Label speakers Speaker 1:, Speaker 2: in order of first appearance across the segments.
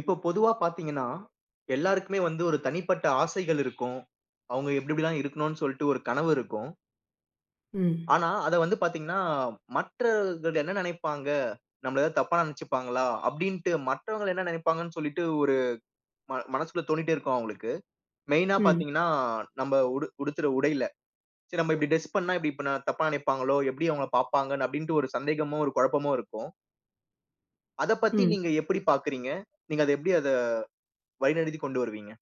Speaker 1: இப்போ பொதுவா பாத்தீங்கன்னா, எல்லாருக்குமே வந்து ஒரு தனிப்பட்ட ஆசைகள் இருக்கும். அவங்க எப்டி எப்டி தான் இருக்கனு சொல்ட்டு ஒரு கனவு இருக்கும்.
Speaker 2: ம்.
Speaker 1: ஆனா, அத வந்து பாத்தீங்கனா, மற்றவங்க என்ன நினைப்பாங்க? நம்மள எதா தப்பா நினைச்சுப்பாங்களா, அப்டின்டு மத்தவங்க என்ன நினைப்பாங்கன்னு சொல்லிட்டு ஒரு, ம மனசுகுள்ள தோனிட்டே இருக்கும் அவங்களுக்கு, மெயினா
Speaker 2: ம்.
Speaker 1: பாத்தீங்கன்னா, நம்ம உடு உடுத்துற உடையில, சரி, நம்ம இப்டி டிரெஸ் பண்ணா, இப்டி தப்பா நினைப்பாங்களோ, எப்டி அவங்கள பாப்பாங்க, அப்டின்டு, ஒரு சந்தேகமும், ஒரு குழப்பமும் இருக்கும். அத பத்தி
Speaker 2: ம்.
Speaker 1: நீங்க எப்டி பாக்குறீங்க? நீங்க அத எப்டி அத வழிநடத்திக் கொண்டு வருவீங்க?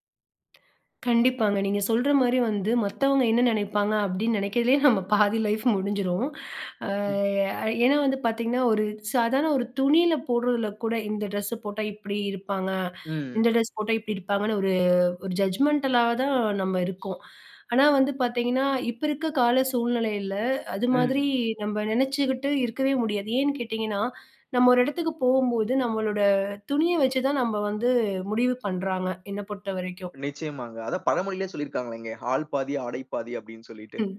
Speaker 2: கண்டிப்பாங்க. நீங்க சொல்ற மாரி வந்து, மத்தவங்க என்ன நினைப்பாங்க, அப்டின்னு நினைக்கவே நம்ம பாதி லைஃப் முடிஞ்சிரும். அ
Speaker 1: ம்.
Speaker 2: ஏன்னா வந்து பாத்தீங்கன்னா, ஒரு சாதாரண, ஒரு துணியில போடுறதுல கூட, இந்த ட்ரெஸ்ஸ போட்டா இப்டி இருப்பாங்க,
Speaker 1: ம்.
Speaker 2: இந்த ட்ரெஸ் போட்டா இப்டி இருப்பாங்கன்னு, ஒரு ஒரு ஜட்ஜ்மெண்டலா தான் நம்ம இருக்கோம். ஆனா, வந்து பாத்தீங்கன்னா, இப்போ இருக்க கால சூழ்நிலையில, அது மாதிரி
Speaker 1: ம்.
Speaker 2: நம்ப நினைச்சுக்கிட்டு இருக்கவே முடியாது, ஏன்னு கேட்டிங்கன்னா, நம்ம ஒரு இடத்துக்கு போகும்போது, நம்மளோட துணிய வச்சு தான் நம்ப வந்து, முடிவு பண்றாங்க என்ன பொறுத்தவரைக்கும்.
Speaker 1: நிச்சயமாங்க. அதான் பழமொழியிலே சொல்லியிருக்கிறாங்களே, "ஆல் பாதி, ஆடை பாதி" அப்டின்னு சொல்லிட்டு.
Speaker 2: ம்,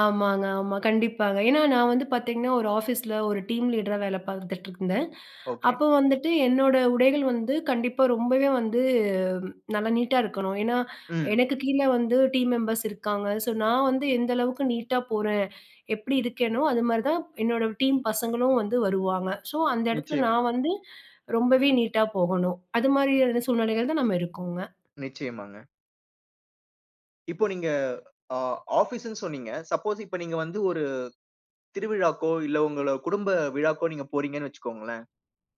Speaker 2: ஆமாங்க. ஆமா கண்டிப்பாங்க, ஏனா நான் வந்து பாத்தீங்கன்னா, ஒரு ஆஃபீஸ்ல ஒரு டீம் லீடரா வேல பாத்துட்டு இருந்தேன்,
Speaker 1: ஓகே.
Speaker 2: அப்ப வந்துட்டு என்னோட உடைகள் வந்து கண்டிப்பா ரொம்பவே வந்து, நல்லா நீட்டா இருக்கணும். ஏனா,
Speaker 1: ம்.
Speaker 2: எனக்கு கீழ வந்து, டீம் மெம்பர்ஸ் இருக்காங்க. ஸோ நான் வந்து எந்த அளவுக்கு நீட்டா போறேன், எப்டி இருக்கேனோ, அதுமாதிரி தான் என்னோட டீம் பசங்களும் வந்து வருவாங்க. ஸோ அந்த இடத்துல
Speaker 1: நிச்சயமா.
Speaker 2: நான் வந்து ரொம்பவே நீட்டா போகணும், அதுமாதிரியான [unintelligible] சூழ்நிலைகள் தான் நம்ம இருக்கோங்க.
Speaker 1: நிச்சயமாங்க. இப்போ நீங்க ஆ ஆஃபீஸ்ன்னு சொன்னீங்க. சப்போஸ் இப்ப நீங்க வந்து ஒரு திருவிழாக்கோ, இல்ல உங்கள குடும்ப விழாக்கோ நீங்க போறீங்கன்னு வச்சுக்கோங்களேன்.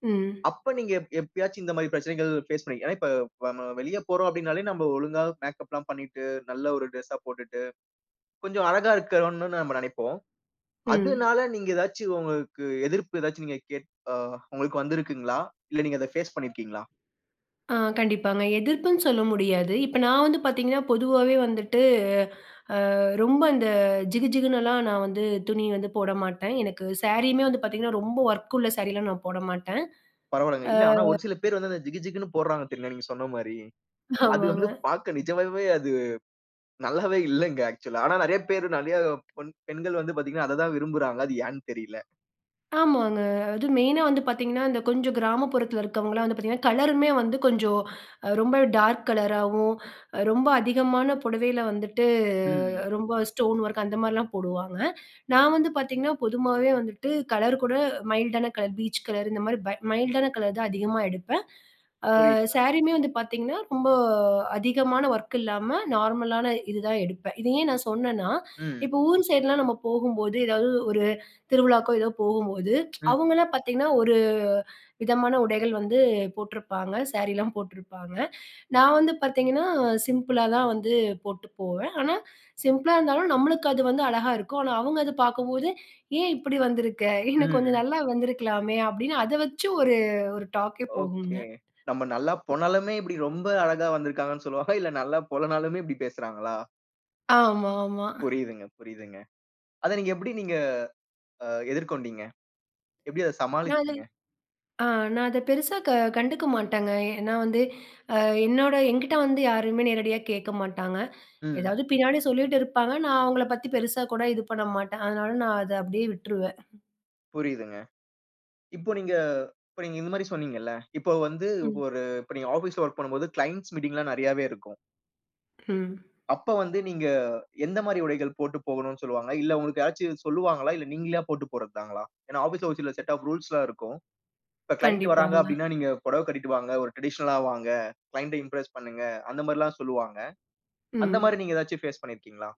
Speaker 2: ம்.
Speaker 1: அப்ப நீங்க எப் எப்பயாச்சும் இந்த மாரி பிரச்சனைகள் ஃபேஸ் பண்ணிரு ஏன்னா இப்ப வ ம வெளிய போறோம் அப்டின்னாலே, நம்ப ஒழுங்கா மேக்கப்லாம் பண்ணிட்டு நல்ல ஒரு டிரெஸ்ஸா போட்டுட்டு, கொஞ்சம் அழகா இருக்கனுன்னு நம்ம நெனைப்போம்.
Speaker 2: ம்.
Speaker 1: அதுனால நீங்க ஏதாச்சு உங்களுக்கு எதிர்ப்பு ஏதாச்சு நீங்க கேட் ஆ உங்களுக்கு வந்திருக்குங்களா? இல்ல நீங்க அத பேஸ் பண்ணியிருக்கீங்களா?
Speaker 2: ஆ, கண்டிப்பாங்க. எதிர்ப்புன்னு சொல்ல முடியாது. இப்ப நான் வந்து பாத்தீங்கன்னா, பொதுவாவே வந்துட்டு ஆ ரொம்ப இந்த, ஜிகுஜிகுன்னுலாம் நான் வந்து துணி வந்து போடமாட்டேன். எனக்கு சாரியுமே வந்து பாத்தீங்கன்னா, ரொம்ப ஒர்க்குள்ள சாரீலாம் நான் போட மாட்டேன்.
Speaker 1: பரவாலங்க. இல்ல ஆனா
Speaker 2: ஆ
Speaker 1: ஒரு சில பேர் வந்து அந்த ஜிகு ஜிகுன்னு போடுறாங்க தெரியுமா நீங்க சொன்ன மாரி. அது
Speaker 2: ஆமாங்க.
Speaker 1: வந்து பாக்க நிஜமாவே அது நல்லாவே இல்லங்க ஆக்சுலா ஆனா நெறையா பேர், நெறையா பொண் பெண்கள் வந்து பாத்தீங்கன்னா, அத தான் விரும்புறாங்க. அது ஏன்னு தெரியல.
Speaker 2: ஆமாங்க. அதும் மெயினா வந்து பார்த்தீங்கன்னா, இந்த கொஞ்சம் கிராமப்புறத்தில இருக்கவங்கலாம் வந்து பாத்தீங்கன்னா, கலருமே வந்து கொஞ்சம் அ ரொம்ப டார்க் கலராவும் ரொம்ப அதிகமான புடவையில வந்துட்டு
Speaker 1: ம்.
Speaker 2: ரொம்ப ஸ்டோன் ஒர்க் அந்த மாரிலாம் போடுவாங்க. நான் வந்து பாத்தீங்கன்னா, பொதுவாவே வந்துட்டு கலர் கூட மைல்டான கலர் பீச் கலர் இந்த மாரி பை மைல்டான கலர் தான் அதிகமா எடுப்பேன். ஆ
Speaker 1: புரியிதுங்க.
Speaker 2: சாரியுமே வந்து பாத்தீங்கன்னா, ரொம்ப அதிகமான வொர்க் இல்லாம நார்மலான இது தான் எடுப்பேன். இத ஏன் நான் சொன்னேன்னா,
Speaker 1: ம்.
Speaker 2: இப்ப ஊர் சைட்லாம் நம்ம போகும்போது, ஏதாவது ஒரு திருவிழாக்கோ ஏதோ போகும்போது
Speaker 1: ம்.
Speaker 2: அவங்கலாம் பார்த்தீங்கன்னா, ஒரு விதமான உடைகள் வந்து போட்ருப்பாங்க. சாரிலாம் போட்ருப்பாங்க. நான் வந்து பாத்தீங்கன்னா, சிம்பிளா தான் வந்து போட்டு போவேன். ஆனா சிம்ப்ளா இருந்தாலும் நம்ளுக்கு அது வந்து அழகா இருக்கும். ஆனா அவுங்க அது பாக்கும்போது "ஏன் இப்டி வந்துருக்க? இன்னும் கொஞ்சம்
Speaker 1: ம்.
Speaker 2: நல்லா வந்துருக்கலாமே!" அப்டின் அத வச்சு ஒரு ஒரு டாக்கே போகுங்க.
Speaker 1: ஓகே. நம்ம நல்லா போனாலுமே, இப்டி ரொம்ப அழகா வந்துருக்காங்கன்னு சொல்லுவாங்களா, இல்ல நல்லா போலனாலுமே இப்டி பேசுறாங்களா?
Speaker 2: ஆமாமா.
Speaker 1: புரியுதுங்க, புரியுதுங்க. அத நீங்க எப்டி நீங்க, ஆ எதிர்கொண்டீஙக? எப்டி அத சமாளிச்சீங்க?
Speaker 2: [unintelligible] ஆ நான் அத பெருசா க கண்டுக்க மாட்டேங்க. ஏனா, வந்து அ என்னோட என்கிட்ட வந்து யாருமே நேரடியா கேக்க மாட்டாங்க.
Speaker 1: ம்.
Speaker 2: ஏதாவது பின்னாடி சொல்லிட்டு இருப்பாங்க. நான் அவங்கள பத்தி பெருசா கூட இது பண்ண மாட்டன். அதனால நான் அத அப்டியே விட்டுருவேன்.
Speaker 1: புரியுதுங்க. இப்போ நீங்க இப்ப நீங்க இந்த மாரி சொன்னீஙகல்ல. இப்போ வந்து
Speaker 2: ம்.
Speaker 1: ஒரு இப்ப நீங்க ஆபீஸ்ல வொர்க் பண்ணும்போது கிளையன்ட்ஸ் மீட்டிங் எல்லாம் நிறையாவே இருக்கும்.
Speaker 2: ம்.
Speaker 1: அப்ப வந்து நீங்க, எந்த மாரி உடைகள் போட்டு போகணும்னு சொல்லுவாங்க. இல்ல உங்களுக்கு யாராச்சும் சொல்லுவாங்களா? இல்ல நீங்களே போட்டு போறது தாங்களா? ஏனா, ஆபீஸ்ல சில செட் ஆஃப் ரூல்ஸ் எல்லாம் இருக்கும். இப்ப கிளையன்ட் வராங்க
Speaker 2: கண்டிப்பாங்க.
Speaker 1: அப்டினா நீங்க புடவ கட்டிட்டு வாங்க, ஒரு டிரடிஷனல்ல வாங்க. கிளையன்ட் இம்ப்ரஸ் பண்ணுங்க. அந்த மாரி எல்லாம் சொல்லுவாங்க. அந்த
Speaker 2: ம்.
Speaker 1: மாரி நீங்க ஏதாச்சும் பேஸ் பண்ணியிருக்கீங்களா?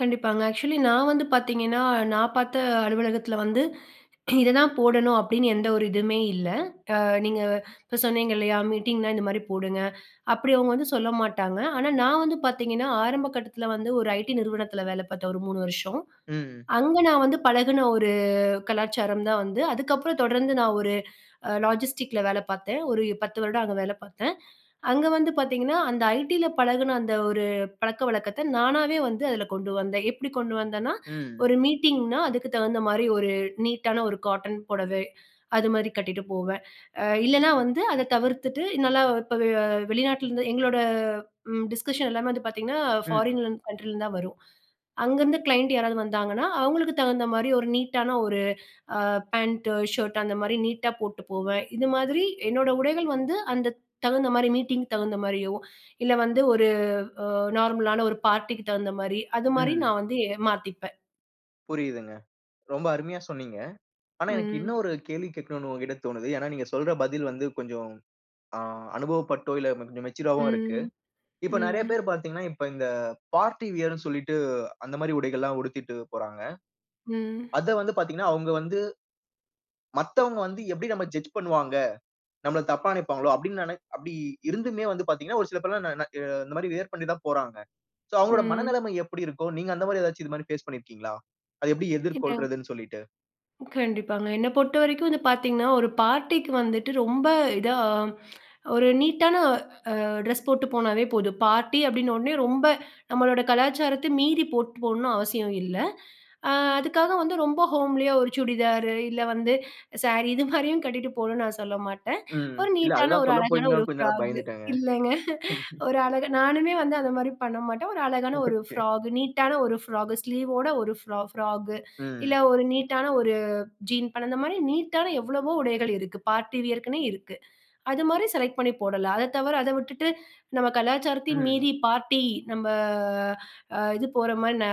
Speaker 2: கண்டிப்பாங்க. ஆக்சுவலி நான் வந்து பார்த்தீங்கன்னா, நான் பார்த்த அலுவலகத்துல வந்து, இத தான் போடணும் அப்டின்னு எந்த ஒரு இதுவுமே இல்ல. அ நீங்க இப்போ சொன்னீங்க இல்லையா, மீட்டிங்னா இந்த மாரி போடுங்க. அப்டி அவங்க வந்து சொல்ல மாட்டாங்க. ஆனா, நான் வந்து பார்த்தீங்கன்னா, ஆரம்ப கட்டத்துல வந்து ஒரு ஐடி நிறுவனத்துல வேல பார்த்தேன், ஒரு 3 வருஷம்.
Speaker 1: ம்.
Speaker 2: அங்க நான் வந்து பழகுன ஒரு கலாச்சாரம் தான் வந்து, அதுக்கப்புறம் தொடர்ந்து நான் ஒரு அ லாஜிஸ்டிக்ல வேல பார்த்தேன், ஒரு 10 வருடம் அங்க வேல பார்த்தேன். அங்க வந்து பார்த்தீங்கன்னா, அந்த ஐடியில பழகுன அந்த ஒரு பழக்கவழக்கத்த நானாகவே வந்து, அதுல கொண்டு வந்தேன். எப்டி கொண்டு வந்தன்னா,
Speaker 1: ம்.
Speaker 2: ஒரு மீட்டிங்னா அதுக்கு தகுந்த மாரி ஒரு நீட்டான ஒரு காட்டன் புடவை. அது மாரி கட்டிட்டு போவேன். அ. இல்லன்னா வந்து அத தவிர்த்துட்டு நல்லா இப்போ அ வெளிநாட்லருந்து எங்களோட ம் டிஸ்கஷன் எல்லாமே வந்து பார்த்தீங்கன்னா
Speaker 1: ம்.
Speaker 2: ஃபாரின் கன்ட்ரிலந்து தான் வரும். அங்கருந்து கிளையண்ட் யாராவது வந்தாங்கன்னா, அவங்களுக்கு தகுந்த மாரி ஒரு நீட்டான ஒரு ஆ பேண்ட்டு, ஷர்ட்டு அந்த மாரி நீட்டா போட்டு போவேன். இது மாதிரி என்னோட உடைகள் வந்து, அந்த தகுந்த மாரி மீட்டிங்குக்கு தகுந்த மாரியோ இல்ல வந்து ஒரு அ நார்மலான ஒரு பார்ட்டிக்கு தகுந்த மாரி. அது மாரி
Speaker 1: ம்.
Speaker 2: நான் வந்து மாத்திப்பேன்.
Speaker 1: புரியுதுங்க. ரொம்ப அருமையா சொன்னீங்க. ஆனா, எனக்கு
Speaker 2: ம்.
Speaker 1: இன்னொரு கேள்வி கேட்கணும்னு உங்கட்ட தோணுது. ஏனா, நீங்க சொல்ற பதில் வந்து கொஞ்சம் ஆ அனுபவப்பட்டோ இல்ல கொஞ்சம் மெச்சூர் றாவோ இருக்கு.
Speaker 2: ம்.
Speaker 1: இப்போ நெறைய பேர்
Speaker 2: ம்.
Speaker 1: பார்த்தீங்கன்னா, இப்ப இந்த பார்ட்டி வியர் ன்னு சொல்லிட்டு, அந்த மாரி உடைகள் எல்லாம் உடுத்திட்டு போறாங்க.
Speaker 2: ம்.
Speaker 1: அத வந்து பார்த்தீங்கன்னா, அவங்க வந்து மத்தவங்க வந்து எப்டி நம்ம ஜட்ஜ் பண்ணுவாங்க? நம்மள தப்பா நெனைப்பாங்களோ அப்டின்னு, நெ அப்டி இருந்துமே வந்து பார்த்தீங்கன்னா, ஒரு சில பேர் எல்லாம், நா- இந்த மாரி வியர் பண்ணி தான் போறாங்க. சோ அவங்களோட
Speaker 2: ம்.
Speaker 1: மனநெலைம எப்டி இருக்கும்? நீங்க அந்த மாரி ஏதாச்சு. இது மாரி பேஸ் பண்ணியிருக்கீங்களா. அத எப்டி
Speaker 2: இப்ப
Speaker 1: எதிர்கொள்றதுன்னு சொல்லிட்டு?
Speaker 2: கண்டிப்பாங்க. என்ன பொறுத்தவரைக்கும் வந்து பார்த்தீங்கன்னா, ஒரு பார்ட்டி க்கு வந்துட்டு, ரொம்ப இதா ஒரு நீட்டான அ ட்ரெஸ் போட்டு போனாவே போதும். பார்ட்டி அப்டின்னொன்னே ரொம்ப நம்மளோட கலாச்சாரத்த மீறி போட்டு போடணும் அவசியம் இல்ல அ. அதுக்காக வந்து ரொம்ப ஹோம்லி யா ஒரு சுடிதார் ரு, இல்ல வந்து சாரி இது மாரியும் கட்டிட்டு போகணும்னு நான் சொல்ல மாட்டேன்
Speaker 1: ம்.
Speaker 2: ஒரு
Speaker 1: இல்ல
Speaker 2: நீட்டான,
Speaker 1: அதுதான்
Speaker 2: ஒரு அழகான
Speaker 1: சொல்லப்போறீங்களோ
Speaker 2: ஒரு
Speaker 1: கொஞ்சம் நேரம்
Speaker 2: ஃப்ராக் கு.
Speaker 1: பயந்துட்டேங்க.
Speaker 2: இல்லங்க.
Speaker 1: [unintelligible]
Speaker 2: ஒரு அழகா, நானுமே வந்து அந்த மாரி பண்ண மாட்டேன். ஒரு அழகான ஒரு
Speaker 1: ஒகே.
Speaker 2: ஃப்ராகு. நீட்டான ஒரு ஃப்ராகு, ஸ்லீவ் வோட ஒரு ஃப் ஃப்ராகு. இல்ல
Speaker 1: ம்.
Speaker 2: ஒரு நீட்டான ஒரு "ஜீன்ஸ்" பண்ண, அந்த மாரி நீட்டான எவ்வளவோ உடைகள் இருக்கு. பார்ட்டி வியர்க்குனே இருக்கு அது மாரி செலக்ட் பண்ணி போடலாம். அத தவர. அத விட்டுட்டு நம்ம கலாச்சாரத்தையும்
Speaker 1: ம்.
Speaker 2: மீறி பார்ட்டி நம்ப ஆ. அ. இது போற மாரி. ஆ.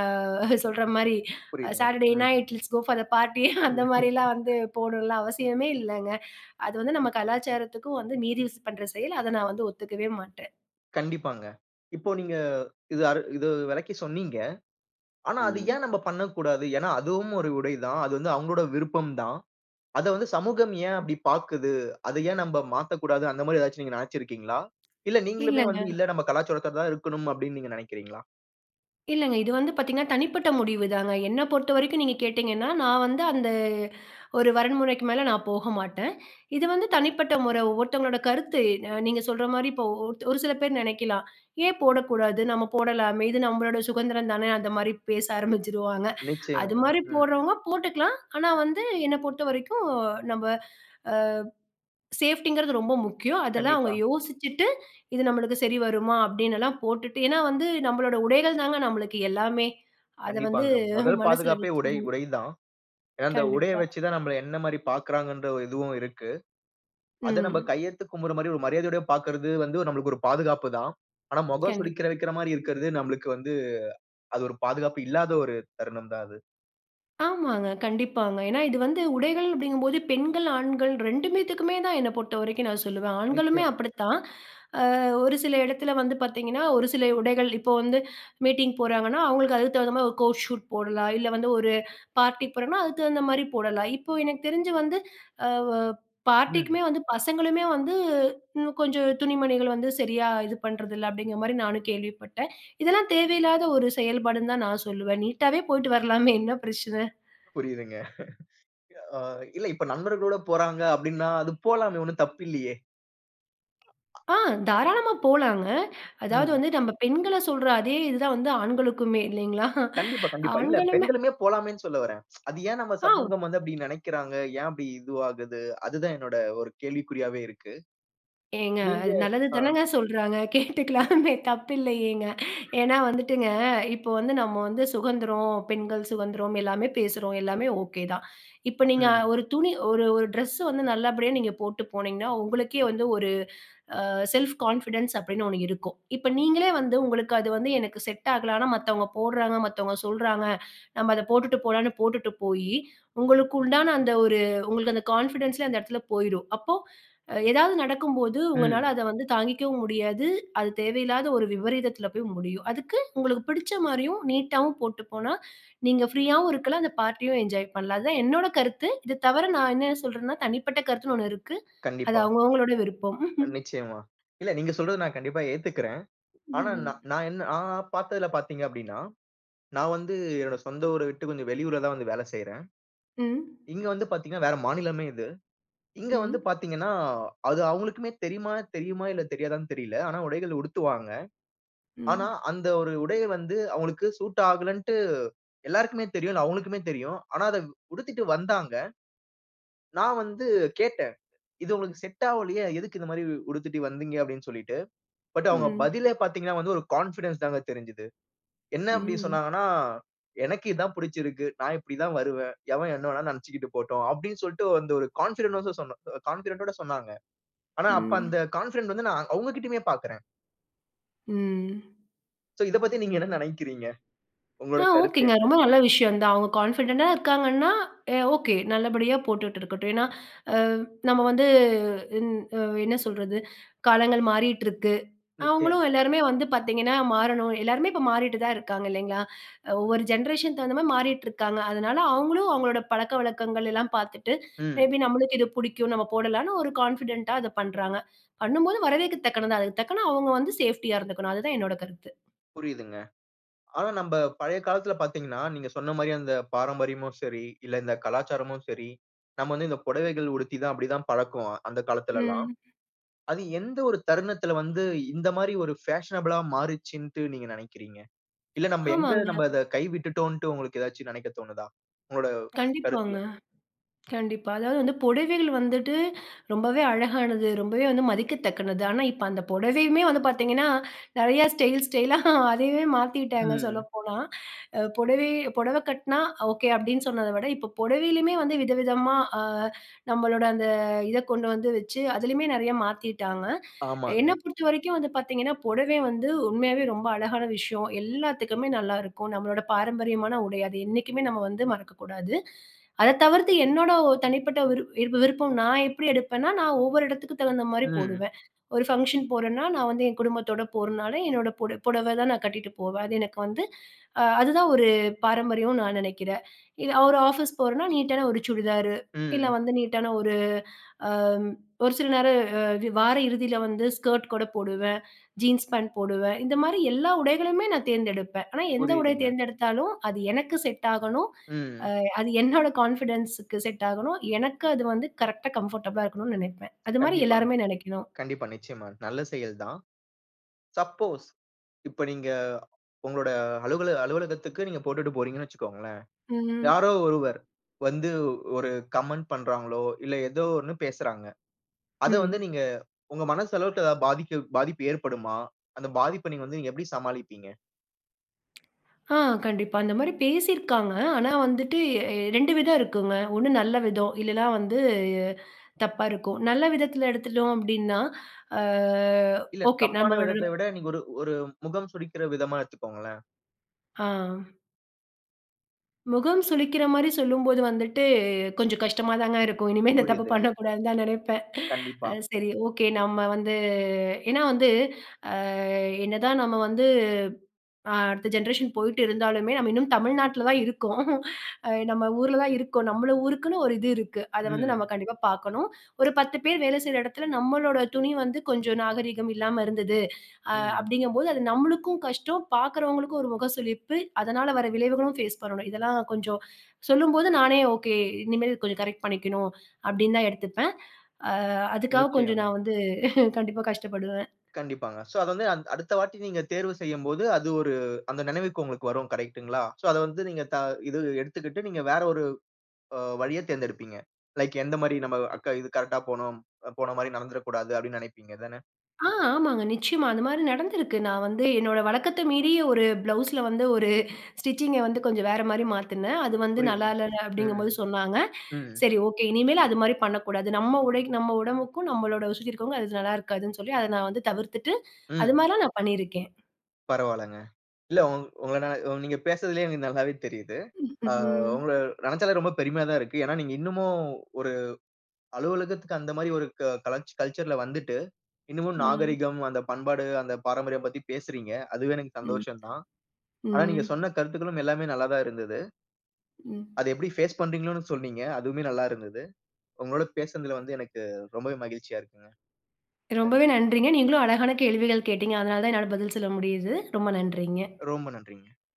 Speaker 2: சொல்ற மாரி
Speaker 1: புரியுதுங்க.
Speaker 2: சாட்டர்டே
Speaker 1: ம்.
Speaker 2: நைட் லெட்ஸ் கோஃபார் பார்ட்டி அந்த மாரிலாம் வந்து போடலாம் அவசியமே இல்லங்க அது வந்து நம்ம கலாச்சாரத்துக்கும் வந்து மீறி யூஸ் பண்ற செயல். அத நான் வந்து ஒத்துக்கவே மாட்டேன்.
Speaker 1: கண்டிப்பாங்க. இப்போ நீங்க இத அரு இத வெளக்கி சொன்னீங்க. ஆனா, அத
Speaker 2: ம்.
Speaker 1: ஏன் நம்ப பண்ணக்கூடாது? ஏன்னா, அதுவும் ஒரு உடை தான். அது வந்து அவுங்கோட விருப்பம் தான். அத வந்து சமூகம் ஏன் அப்டி பாக்குது? அத ஏன் நம்ப மாத்தக்கூடாது. அந்த மாரி ஏதாச்சு நீங்க நெனச்சுருக்கீங்களா? இல்ல நீங்களுமே
Speaker 2: இல்லங்க.
Speaker 1: வந்து, "இல்ல நம்ம கலாச்சாரத்தோட தான் இருக்கணும்" அப்டின்னு நீங்க நினைக்கிறீங்களா?
Speaker 2: இல்லங்க. இது வந்து பாத்தீங்கன்னா, தனிப்பட்ட முடிவு தாங்க. என்ன பொறுத்தவரைக்கும் நீங்க கேட்டீங்கன்னா, நான் வந்து அந்த ஒரு வரைமுறைக்கு மேல நான் போக மாட்டேன். இது வந்து தனிப்பட்ட முறை, ஒவ்வொருத்தவங்களோட கருத்து. அ நீங்க சொல்ற மாரி இப்போ ஓ ஓருத் ஒரு சில பேர் நினைக்கலாம். ஏன் போடக்கூடாது, நம்ம போடலாமே இது நம்பளோட சுகந்திரம் தானே, அந்த மாரி பேச ஆரம்பிச்சுருவாங்க. அது
Speaker 1: நிச்சயமாங்க.
Speaker 2: மாரி
Speaker 1: ம்.
Speaker 2: போட்றவங்க போட்டுக்கலாம். ஆனா, வந்து என்ன பொறுத்த வரைக்கும் நம்ப. ஆ. சேஃப்டிங்கிறது ரொம்ப முக்கியம். அதெல்லாம் அவங்க
Speaker 1: கண்டிப்பா.
Speaker 2: யோசிச்சுட்டு, இது நம்பளுக்கு சரி வருமா, அப்படினெல்லாம் போட்டுட்டு ஏனா, வந்து நம்பளோட உடைகள் தாங்க நம்பளுக்கு எல்லாமே. அத வந்து
Speaker 1: கண்டிப்பாங்க. மொதல்
Speaker 2: மனசுல
Speaker 1: பாதுகாப்பே உடை
Speaker 2: வச்சுக்கணும்.
Speaker 1: உடை தான். ஏனா, அந்த உடைய
Speaker 2: கண்டிப்பா.
Speaker 1: வச்சு தான், நம்மள என்ன மாரி பாக்குறாங்கன்ற ஒரு இதுவும் இருக்கு. அத நம்ப
Speaker 2: ம்.
Speaker 1: கையெடுத்து கும்பட்ற மாரி ஒரு மரியாதையோட பாக்கறது வந்து, நம்பளுக்கு ஒரு பாதுகாப்பு தான். ஆனா, மொகம்
Speaker 2: கண்டிப்
Speaker 1: சுளிக்கிர வைக்கிற மாரி இருக்கிறது நம்மளுக்கு வந்து, அது ஒரு பாதுகாப்பு இல்லாத ஒரு தருணம் தான் அது.
Speaker 2: ஆமாங்க கண்டிப்பாங்க. ஏனா இது வந்து உடைகள் அப்படிங்கும்போது, பெண்கள் ஆண்கள் ரெண்டு பேத்துக்குமே தான் என்ன பொறுத்தவரைக்கும் நான் சொல்லுவேன். ஆண்களுமே
Speaker 1: நிச்சயமாங்.
Speaker 2: அப்படித்தான், ஆ ஒரு சில இடத்தில வந்து பார்த்தீங்கனா, ஒரு சில உடைகள், இப்போ வந்து மீட்டிங் போறாங்கனா, அவங்களுக்கு அதுக்கு தகுந்த மாதிரி ஒரு கோட் ஷூட் போடலாம், இல்ல வந்து ஒரு பார்ட்டி போறோனா, அதற்கு தகுந்த மாதிரி போடலாம். இப்போ எனக்கு தெரிஞ்சு வந்து, ஆ வொ பார்ட்டிக்குமே
Speaker 1: ம்.
Speaker 2: வந்து பசங்களுமே வந்து, இன்னும் கொஞ்சம் துணிமணிகள் வந்து சரியா இது பண்ணுறதில்ல, அப்படின்கிற மாதிரி நானும் கேள்விப்பட்டேன். இதெல்லாம் தேவையில்லாத ஒரு செயல்பாடுனு தான் நான் சொல்லுவேன், நீட் ஆவே போயிட்டு வரலாமே, என்ன பிரச்சனை?
Speaker 1: புரியுதுங்க. எ ஆ இல்ல இப்போ நண்பர்களோடு போறாங்க, அப்படினா அது போலாமே ஒன்னும் தப்பில்லையே. அ ஆ.
Speaker 2: ஆ, தாராளமா போலாங்க, அதாவது
Speaker 1: ம்.
Speaker 2: வந்து நம்ம பெண்களை சொல்ற அதே இது தான் வந்து, ஆண்களுக்குமே இல்லைங்களா?
Speaker 1: கண்டிப்பா கண்டிப்பா, இல்ல
Speaker 2: ஆண்களுமே,
Speaker 1: பெண்களுமே போலாமேனு சொல்ல வறேன், அது ஏன் நம்ம
Speaker 2: அ.
Speaker 1: சமூகம் வந்து அப்படி நெனைக்கிறாங்க? ஏன் அப்படி இதுவாகுது? அது தான் என்னுடைய ஒரு கேள்விக்குறியாவே இருக்கு.
Speaker 2: ஏங்க
Speaker 1: நீங்க
Speaker 2: அது நல்லது
Speaker 1: ஆ,
Speaker 2: தானங்க சொல்றாங்க, கேட்டுக்கலாமே தப்பில்லையேங்க. ஏன்னா வந்துட்டுங்க இப்போ வந்து, நம்ம வந்து சுதந்திரம், பெண்கள் சுதந்திரம், எல்லாமே பேசுறோம் எல்லாமே ஓகே தான். இப்போ நீங்க
Speaker 1: ம்.
Speaker 2: ஒரு துணி ஒரு ஒரு ட்ரெஸ் வந்து நல்லபடியா நீங்க போட்டு போனீங்கன்னா, உங்களுக்கே வந்து ஒரு, ஆ செல்ஃப் கான்ஃபிடன்ஸ் அப்டினு ஒன்னு இருக்கும். இப்போ நீங்களே வந்து உங்களுக்கு அது வந்து எனக்கு செட் ஆகலனா மத்தவங்க போடுறாங்க, மத்தவங்க சொல்றாங்க, நம்ம அத போட்டுட்டு போலாம்னு போட்டுட்டு போய், உங்களுக்கு உண்டான அந்த ஒரு உங்களுக்கு அந்த கான்ஃபிடன்ஸ்லே அந்த இடத்தில போய்ரும். அப்போ, அ எதாவது நடக்கும்போது உங்கனால
Speaker 1: ம்.
Speaker 2: அத வந்து தாங்கிக்கவும் முடியாது, அது தேவையில்லாத ஒரு விபரீதத்தில போய் முடியும். அதுக்கு உங்களுக்கு பிடிச்ச மாரியும் நீட் ஆவும் போட்டு போனா, நீங்க ப்ரீ ஆவும் இருக்கலாம், அந்த பார்ட்டியும் என்ஜாய் பண்ணலாம். அதுதான் என்னோட கருத்து. இதை தவிர நான் என்ன சொல்றேனா, தனிப்பட்ட கருத்துனு ஒன்னு இருக்கு, அது
Speaker 1: கண்டிப்பா.
Speaker 2: அவங்க அவங்களோட விருப்பம்.
Speaker 1: அ நிச்சயமா, இல்ல நீங்க சொல்றதை நான் கண்டிப்பா ஏத்துக்கிறேன், ஆனா நா
Speaker 2: ம்.
Speaker 1: நா என்ன நா பார்த்ததுல பார்த்தீங்க அப்படினா, நான் வந்து என்னோட சொந்த ஊர விட்டு கொஞ்சம் வெளியூர்ல தான் வந்து வேல செய்றேன்.
Speaker 2: ம்.
Speaker 1: இங்க வந்து பார்த்தீங்கனா, வேற மாநிலமே இது, இங்க வந்து
Speaker 2: ம்.
Speaker 1: பார்த்தீங்கனா, அது அவங்களுக்குமே தெரியுமானு தெரியுமா இல்ல தெரியாதானு தெரியல, ஆனா உடைகள் உடுத்துவாங்க. ஆனா
Speaker 2: ம்.
Speaker 1: அந்த ஒரு உடைய வந்து அவங்களுக்கு சூட் ஆகலன்ட்டு எல்லோருக்குமே தெரியும், அது அவங்களுக்குமே தெரியும், ஆனா அத உடுத்திட்டு வந்தாங்க. நான் வந்து கேட்டேன், இது உங்களுக்கு செட் ஆவலியே, எதுக்கு இந்த மாதிரி உ உடுத்திட்டு வந்தீங்க, அப்படினு சொல்லிட்டு. பட் அவங்க
Speaker 2: ம்.
Speaker 1: பதிலே பார்த்தீங்கனா வந்து ஒரு கான்ஃபிடன்ஸ் தாங்க தெரிஞ்சிது, என்ன அப்படி
Speaker 2: ம்.
Speaker 1: சொன்னாங்கனா, "எனக்கு இதான் பிடிச்சிருக்கு, நான் இப்படி தான் வருவேன், எவன் என்ன வேனா நினைச்சிகிட்டு போட்டும்." அப்படினு சொல்லிட்டு வந்து ஒரு கான்ஃபிடன்ட்ஸ் கான்ஃபிடன்ட் ஓட சொன்னாங்க, ஆனா அப்போ அந்த
Speaker 2: ம்.
Speaker 1: கான்ஃபிடன்ட் வந்து நான் அவங்ககிட்டயுமே பார்க்குறேன்.
Speaker 2: ம்.
Speaker 1: சோ இதப் பத்தி நீங்க என்ன நெனைக்கிறீங்க?
Speaker 2: ஆ,
Speaker 1: உங்களோட கருத்து
Speaker 2: ஓகேங்க.
Speaker 1: என்ன?
Speaker 2: ரொம்ப நல்ல விஷயம் தான் அவங்க கான்ஃபிடென்ட்டா இருக்காங்கன்னா, ஓகே நல்லபடியா போட்டுட்டு இருக்கட்டும். ஏன்னா, அ நம்ம வந்து ம் அ என்ன சொல்றது காலங்கள் மாறிட்டுருக்கு
Speaker 1: நிச்சயமா.
Speaker 2: அவங்களும் எல்லாருமே வந்து பார்த்தீங்கன்னா மாறணும். எல்லாருமே இப்ப மாறிட்டு தான் இருக்காங்க இல்லைங்களா, ஒவ்வொரு ஜென்ரேஷன் தகுந்த மாரி மாறிட்டுருக்காங்க. அதனால அவங்களும் அவங்களோட பழக்கவழக்கங்கள் எல்லாம் பார்த்துட்டு மே
Speaker 1: ம்.
Speaker 2: பி நம்மளுக்கு இது புடிக்கும் நம்ம போடலான்னு ஒரு கான்ஃபிடென்ட்டா அத பண்றாங்க. பண்ணும்போது வரவேற்க தக்கனது அதுக்கு தக்கன அவங்க வந்து சேஃப்டியா இருந்துக்கணும் அதுதான் என்னோட கருத்து.
Speaker 1: புரியிதுங்க. ஆனா நம்ப பழைய காலத்தில பார்த்தீங்கன்னா, நீங்க சொன்ன மாரி அந்த பாரம்பரியமும் சரி, இல்ல இந்த கலாச்சாரமும் சரி. நம்ம வந்து இந்த பொடவைகள் உடுத்தி தான் அப்டி தான் பழக்குவோம் அந்த காலத்திலலாம்.
Speaker 2: ம்.
Speaker 1: அது எந்த ஒரு தருணத்தில வந்து இந்த மாரி ஒரு பேஷனபிள்ளா மாறுச்சுன்ட்டு நீங்க நெனைக்கிறீங்க? இல்ல நம்ப எங்கு
Speaker 2: ஆமாங்க.
Speaker 1: நம்ப அத கைவிட்டுட்டோன்ட்டு உங்களுக்கு ஏதாச்சு நெனைக்கத் தோணுதா? உங்களுட கருத்து
Speaker 2: கண்டிப்பாங்க,
Speaker 1: என்ன?
Speaker 2: கண்டிப்பா. அதாவது வந்து பொடவைகள் வந்துட்டு ரொம்பவே அழகானது. ரொம்பவே வந்து மதிக்கத்தக்கது ஆனா, இப்ப அந்த பொடவையுமே வந்து பார்த்தீங்கன்னா, நெறைய ஸ்டைல் ஸ்டைலா அதையே மாத்திவிட்டாங்க
Speaker 1: ம்.
Speaker 2: சொல்லப்போனா. அ பொடவை பொடவகட்னா ஓகே அப்டின்னு சொன்னத விட இப்ப பொடவையிலேயுமே வந்து விதவிதமா, ஆ நம்மளோட அந்த இத கொண்டு வந்து வச்சு அதிலேயுமே நெறைய மாத்திட்டாங்க. என்னை
Speaker 1: ஆமாங்க.
Speaker 2: பொறுத்த வரைக்கும் வந்து பார்த்தீங்கன்னா, பொடவை வந்து உண்மையாவே ரொம்ப அழகான விஷயம் எல்லாத்துக்குமே நல்லாருக்கும் நம்மளோட பாரம்பரியமான உடை அது என்னைக்குமே நம்ம வந்து மறக்கக்கூடாது. அத தவிர்த்து என்னோட ஒ தனிப்பட்ட விரு விருப்பம் நான் எப்டி எடுப்பேனா, நான் ஒவ்வொரு இடத்துக்கு தகுந்த மாரி
Speaker 1: ம்.
Speaker 2: போடுவேன். ஒரு ஃபங்க்ஷன் போறேன்னா நான் வந்து என் குடும்பத்தோட போறனால என்னோட புட புடவை தான் நான் கட்டிட்டு போவேன். அது எனக்கு வந்து ஆ அதுதான் ஒரு பாரம்பரியம்னு நான் நெனைக்கிறேன். இது ஒரு ஆஃபீஸ் போறேனா நீட்டான ஒரு சுடிதாரு, இல்ல
Speaker 1: ம்.
Speaker 2: வந்து நீட்டான ஒரு ஆ ஒரு சில நேரம் வார இறுதியில வந்து ஸ்கர்ட் கூட போடுவேன், ஜீன்ஸ் பேண்ட் போடுவேன். இந்த மாரி எல்லா உடைகளுமே நான் தேர்ந்தெடுப்பேன். ஆனா எந்த உடைய
Speaker 1: புரியிதுங்க.
Speaker 2: தேர்ந்தெடுத்தாலும் அது எனக்கு செட் ஆகணும்.
Speaker 1: ம்.
Speaker 2: அ அது என்னோட கான்ஃபிடன்ஸுக்கு செட் ஆகணும் எனக்கு அது வந்து கரெக்டா கம்ஃபர்டபிளா இருக்கணும்னு நெனைப்பேன் அது மாதிரி
Speaker 1: கண்டிப்பாங்க.
Speaker 2: எல்லாருமே நெனைக்கணும்.
Speaker 1: கண்டிப்பா, நிச்சயமா நல்ல செயல் தான். சப்போஸ் இப்ப நீங்க உங்களோட அலுவலக அலுவலகத்துக்கு நீங்க போட்டுட்டு போகிறீங்கன்னு வச்சுக்கோங்களேன்.
Speaker 2: ம்.
Speaker 1: யாரோ ஒருவர் வந்து ஒரு கமெண்ட் பண்றார்களோ இல்ல ஏதோ ஒண்ணு பேசுறாங்க. அத வந்து
Speaker 2: ம்.
Speaker 1: நீங்க உங்க மனசு அளவுட்ட ஏதாவது பாதி பாதிப்பு ஏற்படுமா? அந்த பாதிப்ப நீங்க வந்து எப்டி சமாளிப்பீங்க?
Speaker 2: ஆ, கண்டிப்பா. அந்தமாரி பேசிருக்காங்க. ஆனா, வந்துட்டு எ 2 விதம் இருக்குங்க. ஒன்னு நல்ல விதம், இல்லன்னா வந்து அ, தப்பா இருக்கும். நல்ல விதத்துல எடுத்துட்டோம் அப்பிடின்னா ஆ,
Speaker 1: இல்ல.
Speaker 2: ஓகே.
Speaker 1: தப்பான
Speaker 2: நம்மளோட
Speaker 1: விதத்த விட நீங்க ஒரு ஒரு முகம் சுழிக்கிற விதமா எடுத்துக்கோங்களேன்.
Speaker 2: ஆ. முகம் சுளிக்கிறமாரி சொல்லும்போது வந்துட்டு, கொஞ்சம் கஷ்டமா தாங்க இருக்கும். இனிமே இந்த தப்பு
Speaker 1: புரியுது.
Speaker 2: பண்ணக்கூடாதுன்னு தான் நினைப்பேன்
Speaker 1: கண்டிப்பா.
Speaker 2: அது சரி. ஓகே. நம்ம வந்து ஏனா வந்து ஆ என்னதான் நம்ம வந்து அ, அடுத்த ஜென்ரேஷன் போயிட்டு இருந்தாலுமே, நம்ம இன்னும் தமிழ்நாட்ல தான் இருக்கோம் அ, நம்ம ஊர்ல தான் இருக்கோம். நம்மள ஊருக்குன்னு ஒரு இது இருக்கு. அத வந்து நம்ம
Speaker 1: ம்.
Speaker 2: கண்டிப்பா பார்க்கணும் ஒரு 10 பேர் வேலை செய்ற இடத்துல நம்மளோட துணி வந்து கொஞ்சம் நாகரீகம் இல்லாம இருந்துது அ,
Speaker 1: ம்.
Speaker 2: அப்பிடிங்கும்போது அது நம்மளுக்கும் கஷ்டம், பார்க்குறவங்களுக்கும் ஒரு முகசுழிப்பு. அதனால வர விளைவுகளும் ஃபேஸ் பண்ணணும். இதெல்லாம் கொஞ்சம் சொல்லும்போது நானே ஓகே, இனிமேல் கொஞ்சம் கரெக்ட் பண்ணிக்கணும் அப்பிடின்னு தான் எடுத்துப்பேன் ஆ, அதுக்காக கொஞ்சம்
Speaker 1: நிச்சயமா.
Speaker 2: நான் வந்து கண்டிப்பா கஷ்டப்படுவேன்
Speaker 1: கண்டிப்பாங்க. சோ, அது வந்து அ, அடுத்த வாட்டி நீங்க தேர்வு செய்யும்போது, அது ஒரு அந்த நினைவுக்கு உங்களுக்கு வரும் கரெக்ட்டுங்களா? சோ, அத வந்து நீங்க த இது எடுத்துக்கிட்டு நீங்க வேற ஒரு அ வழிய தேர்ந்தெடுப்பீங்க. லைக் எந்தமாரி நம்ம அக்க இது கரெக்ட்டா போணும், அ, போனமாரி நடந்துற கூடாது. அப்பிடின்னு நினைப்பீங்க தான?
Speaker 2: ஆ, ஆமாங்க. நிச்சயமா. அந்தமாரி நடந்திருக்கு. நான் வந்து என்னோட வழக்கத்த மீறி ஒரு ப்ளவுஸ்ல வந்து ஒரு ஸ்டிச்சிங்க வந்து கொஞ்சம் வேறமாரி மாத்துனேன். அது வந்து நல்லா
Speaker 1: புரியுதுங்க.
Speaker 2: இல்லை
Speaker 1: ம்,
Speaker 2: அப்பிடிங்கும்போது சொன்னாங்க
Speaker 1: ம்.
Speaker 2: சரி ஓகே. இனிமேலு அதுமாரி பண்ணக்கூடாது. நம்ம உடைக் நம்ம உடம்புக்கும் நம்மளோட வசதி இருக்கிறவங்க அது நல்லா இருக்காதுன்னு சொல்லி அத நான் வந்து தவிர்த்துட்டு அது
Speaker 1: ம்.
Speaker 2: மாரிலாம் நான் பண்ணியிருக்கேன்.
Speaker 1: பரவால்லங்க. இல்ல. உங் உங்கனா உங்கள நீங்க பேசுறதுலே எனக்கு நல்லாவே தெரியிது.
Speaker 2: ம்,
Speaker 1: ஆ,
Speaker 2: ம்
Speaker 1: உங்கள நினச்சாலே ரொம்ப பெருமையா தான் இருக்கு. ஏனா, நீங்க இன்னமும் ஒரு அலுவலகத்துக்கு அந்தமாரி ஒரு க கலாச் கல்ச்சர்ல வந்துட்டு, இன்னமும்
Speaker 2: ம்.
Speaker 1: நாகரிகம், அந்த பண்பாடு, அந்த பாரம்பரியம் பத்தி பேசுறீங்க. அதுவே எனக்கு
Speaker 2: ம்,
Speaker 1: சந்தோஷம் தான். ஆனா,
Speaker 2: ம்
Speaker 1: நீங்க சொன்ன கருத்துக்களும் எல்லாமே நல்லா தான் இருந்தது.
Speaker 2: ம்.
Speaker 1: அத எப்பிடி ஃபேஸ் பண்றீங்களோன்னு சொன்னீங்க. அதுவுமே நல்லா இருந்துது. உங்களோட பேசுனதுல வந்து எனக்கு ரொம்பவே மகிழ்ச்சியா இருக்குங்க.
Speaker 2: ரொம்பவே
Speaker 1: நன்றி.
Speaker 2: நன்றிங்க. நீங்களும் அழகான கேள்விகள் கேட்டீங்க. அதனால தான் என்னால பதில் சொல்ல முடியுது. ரொம்ப நன்றிங்க.
Speaker 1: ரொம்ப நன்றிங்க.